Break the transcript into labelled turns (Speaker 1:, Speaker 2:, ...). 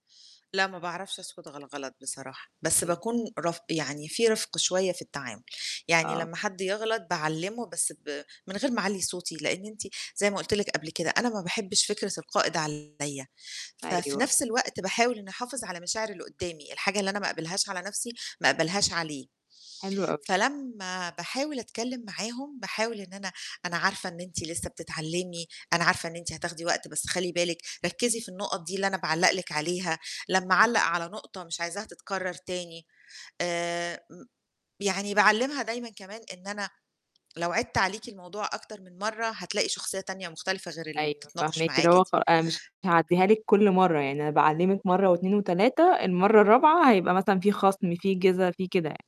Speaker 1: لأ ما باعرفش أسكُت غَل الغلط بصراحة، بس
Speaker 2: إمم.
Speaker 1: باكون رف يعني في رِفْق شوية في التعامل. يعني
Speaker 2: آه.
Speaker 1: لمّا حد يغلط باعلِّمه، بس ب من غير ما أعلّي صوتي، لإن أنتِ زي ما قُلت لِك قبل كده، أنا ما باحبّش فكرة القائد عليّا. ففي
Speaker 2: أيوه.
Speaker 1: نَفْس الوقت باحاول إنّي أحافظ على مشاعر اللي قُدّامي، الحاجة اللي أنا ما أقبلهاش على نَفْسي ما أقبلهاش عليه.
Speaker 2: حلو أوي.
Speaker 1: فلما باحاول أتكلِّم معاهم، باحاول إن
Speaker 2: امم.
Speaker 1: أنا أنا عارفة إن أنتِ لسّه بتتعلِّمي، أنا عارفة إن أنتِ هتاخدي وقت، بس خلّي بالِك ركِّزي في النُقَط دي اللي أنا باعلَّق لِك عليها، لمّا
Speaker 2: امم.
Speaker 1: أعلَّق على نقطة مش عايزاها تتكرَّر تاني. آآ، م يعني باعلِّمها دايمًا كمان إن أنا لو عِدْت عليكِ الموضوع أكتر من مرّة هتلاقي شخصية تانية مختلفة غير اللي
Speaker 2: أيوه،
Speaker 1: بتتناقش
Speaker 2: فاهماكِ، اللي
Speaker 1: معاكِ
Speaker 2: هو
Speaker 1: دي.
Speaker 2: خ أنا مش هاعدّيها لِك كل مرّة، يعني أنا باعِّلمِك مرّة و2 و3، المرّة الرابعة هيبقى مثلًا في خَصْم، في جِزا، في كده يعني.